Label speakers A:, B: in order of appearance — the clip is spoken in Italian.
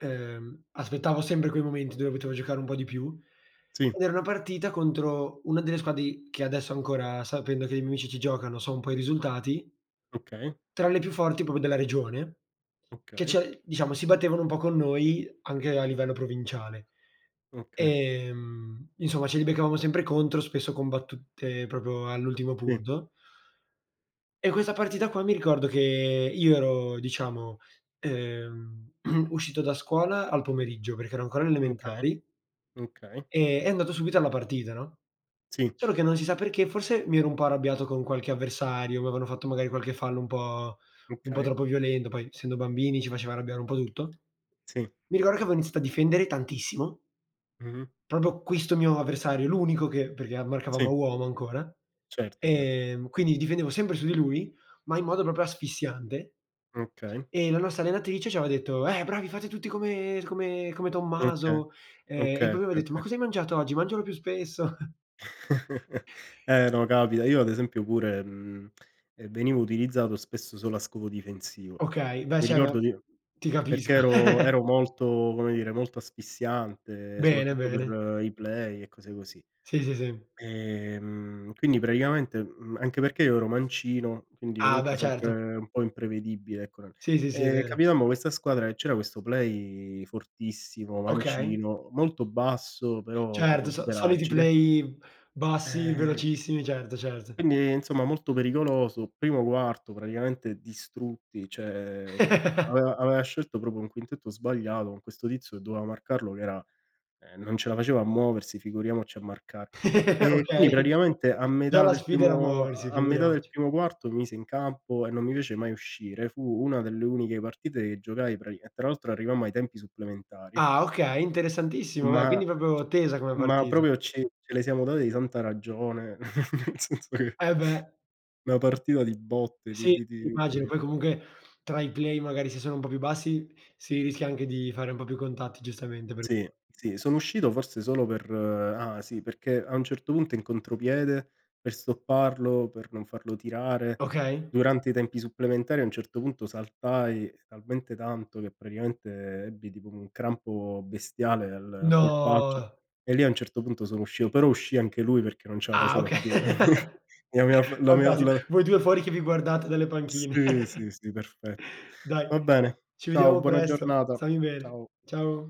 A: Ehm, aspettavo sempre quei momenti dove potevo giocare un po' di più,
B: Sì.
A: ed era una partita contro una delle squadre i che adesso ancora, sapendo che i miei amici ci giocano, so un po' i risultati
B: Okay.
A: tra le più forti proprio della regione, che
B: Okay.
A: cioè diciamo si battevano un po' con noi anche a livello provinciale.
B: Okay.
A: Ehm, insomma ce li beccavamo sempre contro, spesso combattute proprio all'ultimo
B: Sì.
A: punto e questa partita qua mi ricordo che io ero diciamo, ehm, uscito da scuola al pomeriggio, perché ero ancora alle
B: Okay,
A: elementari
B: okay.
A: ehm, e andato subito alla partita, no,
B: Sì.
A: solo che non si sa perché, forse mi ero un po' arrabbiato con qualche avversario, m'avevano fatto magari qualche fallo un po' un po'
B: Okay.
A: troppo violento, poi essendo bambini ci faceva arrabbiare un po' tutto.
B: Sì.
A: Mi ricordo che avevo iniziato a difendere tantissimo
B: Mh-mh.
A: proprio questo mio avversario, l'unico che perché a marcavamo a
B: Sì.
A: uomo ancora,
B: Certo, cer
A: ehm, quindi difendevo sempre su di lui, ma in modo proprio asfissiante
B: Okay.
A: e la nostra allenatrice ci aveva detto: "Eh bravi, fate tutti tutti come come come
B: Okay.
A: Tommaso." Ehm, e
B: Okay,
A: poi aveva
B: oka
A: detto: "Ma
B: oka
A: cosa hai mangiato oggi? Mangialo più spesso."
B: Eh no, capita, io ad esempio pure, mhmm, ehm, venivo utilizzato spesso solo a scopo difensivo.
A: Okay, beh,
B: Mi
A: cioè ma
B: ricordo nio
A: ti
B: perché
A: capisco.
B: ero ero molto, come dire, molto asfissiante
A: Bene,
B: soprattutto
A: bene.
B: per i play e cose così.
A: Sì, sì, sì.
B: Ehm, quindi praticamente, mhmm, anche perché io ero mancino, quindi
A: Ah beh,
B: comunque
A: certo.
B: sempre un po' imprevedibile ecco nel
A: Sì, sì, sì, è
B: ehm,
A: vero.
B: capitammo questa squadra che c'era questo play fortissimo,
A: Okay.
B: mancino, molto basso però proprio
A: Certo, so
B: super
A: soliti
B: agile
A: play bassi,
B: ehm
A: velocissimi, certo, certo.
B: Quindi, ehm, insomma, molto pericoloso, primo quarto praticamente distrutti, cioè è che aveva aveva scelto proprio un quintetto sbagliato con questo tizio che doveva marcarlo che era ehm, non ce la faceva a muoversi, figuriamoci a marcare. Ehm, quindi
A: Okay.
B: praticamente a
A: Già
B: metà
A: la
B: del
A: sfida era
B: primo a
A: muoversi,
B: a metà del
A: figuriamoci.
B: primo quarto, mi mise in campo e non mi fece mai uscire. Fu una delle uniche partite che giocai prati e tra l'altro arrivammo ai tempi supplementari
A: Ah okay, interessantissimo beh,
B: ma
A: quindi proprio tesa come
B: ma
A: partita.
B: proprio ci ce le siamo date di santa ragione, nel senso che
A: Eh beh.
B: una partita di botte, di
A: Sì,
B: di di di
A: immagino,
B: okay,
A: poi
B: cioè
A: comunque tra i play magari se sono un po' più bassi, si rischia anche di fare un po' più contatti giustamente, per
B: Sì, sì, sono uscito forse solo per ah sì, perché a un certo punto in contropiede per stopparlo per non farlo tirare,
A: Okay.
B: durante i tempi supplementari, a un certo punto saltai talmente tanto che praticamente ebbi tipo un crampo bestiale al polpaccio,
A: No!
B: e lì a un certo punto sono uscito, però uscì anche lui, perché non ce la
A: Ah
B: faceva
A: oka
B: più. Mi aveva f l'avev
A: fantasti
B: l'av
A: voi 2 fuori che vi guardate dalle panchine.
B: Sì, sì sì, perfetto.
A: Dai,
B: Va bene,
A: ci
B: ciao,
A: vediamo
B: buona
A: presto,
B: giornata.
A: stammi bene.
B: Ciao.
A: Ciao.